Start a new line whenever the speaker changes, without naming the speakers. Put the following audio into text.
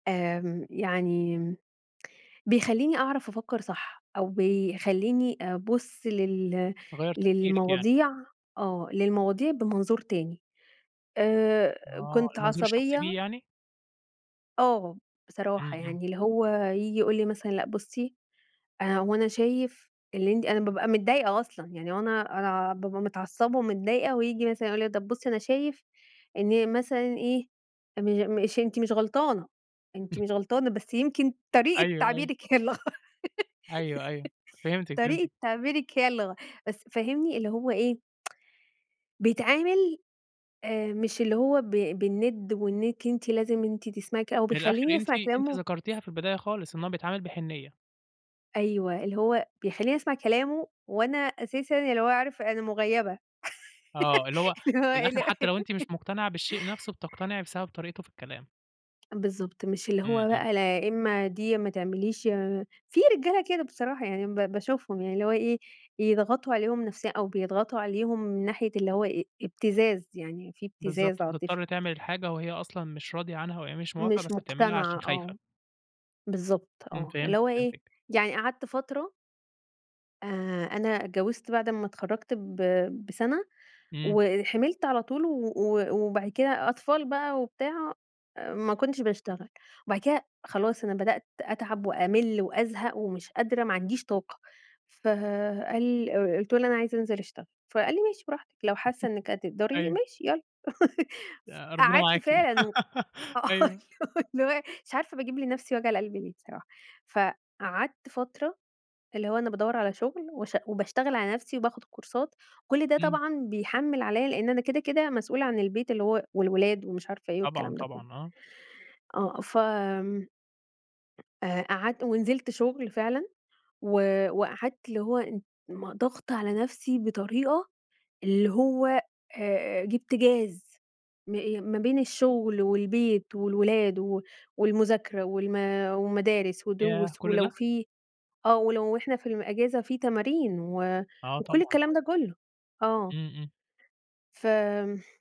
آمم يعني م بيخلّيني أعرف أفكّر صح أو بيخلّيني أبُص لل
غيّر تفكيرِِك يعني.
للمواضيع آه. للمواضيع بمنظور تاني. آآ
آه.
كنت
المنظور الشخصي بيه
عصبية
يعني؟
آه.
إمم،
بصراحة
إمم.
يعني اللي هو ييجي يقول لي مثلًا: "لأ بُصّي آآ هو أنا شايف اللي أنتِ" أنا بابقى متضايقة أصلًا. يعني هو أنا أنا ع بابقى متعصّبة ومتضايقة وييجي مثلًا يقول لي إيه: "طب بُصّي أنا شايف إن مثلًا إيه، إن مش أنتِ مش غلطانة، أنتِ مش غلطانة، بس يمكن طريقة
أيوه، أيوه.
تعبيرِك هي اللي غ
أيوه، أيوه. فهمتِك،
طريقة
فهمتِك.
تعبيرِك هي اللي غ "بس فاهمني؟ اللي هو إيه بيتعامل آآ مش اللي هو ب بالنِد وإنِّك أنتِ لازم أنتِ تسمعي ك أو
من الآخر
بيخلّيني
أنتِ
أسمع
أنتِ
كلامه
ذكرتيها في البداية خالص، إن هو بيتعامل بحنيّة.
أيوه. اللي هو بيخلّيني أسمع كلامه وأنا أساسًا يعني اللي هو عارف أنا مغيّبة.
آه. اللي هو
اللي هو
من الآخر
ال
حتّى لو أنتِ مش مُقتنعة بالشيء نفسه بتقتنعي بسبب طريقته في الكلام.
بالضبط. مش اللي
إمم،
هو
إمم.
بقى لا إمّا دي يا ما تعمليش يا في رجالة كده بصراحة يعني مب باشوفهم يعني اللي هو إيه، يضغطوا عليهم نفسيًا أو بيضغطوا عليهم من ناحية اللي هو إيه، إبتزاز، يعني في
بالضبط.
إبتزاز عاطفي.
فتضطر تعمل الحاجة وهي أصلًا مش راضية عنها وهي مش موافقة
مش
بس بتعملها
مُقتنعة
عشان خايفة.
آه. بالضبط
إمم
آه. اللي
فهمتِك،
هو إيه،
فهمتِك.
يعني قعدت فترة آآ أنا اتجوّزت بعد أمّا اتخرّجت ب بسَنة
إمم.
وحِمِلت على طول و و وبعد كده أطفال بقى وبتاع، آآ ما كنتش باشتغل. وبعد كده خلاص أنا بدأت أتعب وأمِل وأزهق ومش قادرة ما عنديش طاقة. فقال أ قُلت له إن "أنا عايزة أنزل أشتغل." فقال لي: "ماشي براحتك لو حاسّة إنِّك هتقدري،
أيوه.
ماشي يالّا."
آآ ربنا
فقعدت
معاكِ.
فعلًا و آه.
أيوه.
اللي هو اللي هو مش عارفة باجيب لنفسي وجع القلب ليه صراحة؟ فقعدت فترة اللي هو أنا بادوّر على شغل وشأ وباشتغل على نفسي وباخد كورسات، كل ده
إمم.
طبعًا بيحمِّل عليّا لإن أنا كده، كده مسؤولة عن البيت اللي هو والولاد ومش عارفة إيه
طبعًا،
والكلام ده كُلّه.
طبعًا آه.
آه. فم آآ قعدت ونزلت شغل فعلًا و وقعدت اللي هو إن ما ضاغطة على نفسي بطريقة اللي هو أ أ جِبت جاز. م آآ ما بين الشغل والبيت والولاد و والمذاكرة والم ومدارس
ياه
ودروس
كل
ولو
ده!
فيه آه. ولو إحنا في الم أجازة في تمارين و
آه طبعًا،
وكل الكلام ده
طبعًا.
كُلّه. آه.
إمم، إمم.
فم